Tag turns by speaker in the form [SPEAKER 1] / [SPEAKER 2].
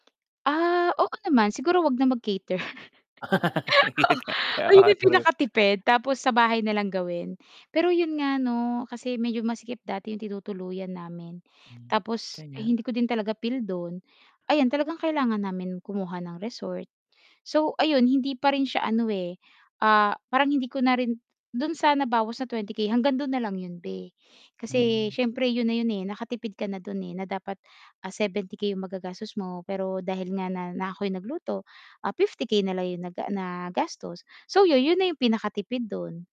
[SPEAKER 1] Ah, oo naman. Siguro 'wag na mag-cater.
[SPEAKER 2] Yun
[SPEAKER 1] Oo.
[SPEAKER 2] nga,
[SPEAKER 1] ayun
[SPEAKER 2] ah,
[SPEAKER 1] ang
[SPEAKER 2] true.
[SPEAKER 1] pinakatipid, tapos sa bahay na lang gawin. Pero 'yun nga 'no kasi medyo masikip dati yung tinutuluyan namin
[SPEAKER 2] Hmm,
[SPEAKER 1] tapos
[SPEAKER 2] kaya.
[SPEAKER 1] hindi ko din talaga feel dun ayan talagang kailangan namin kumuha ng resort. So ayon hindi pa rin siya ano, eh, ah, parang hindi ko na rin dun sa nabawas na 20K hanggang dun na lang 'yon be. Kasi
[SPEAKER 2] Hmm.
[SPEAKER 1] siyempre yun na yun, eh, nakatipid ka na dun na dapat, ah, 70K magagastos mo pero dahil nga na na ako'y nagluto 50K na lang 'yong naga nagastos. So yun, yun na yung pinakatipid dun.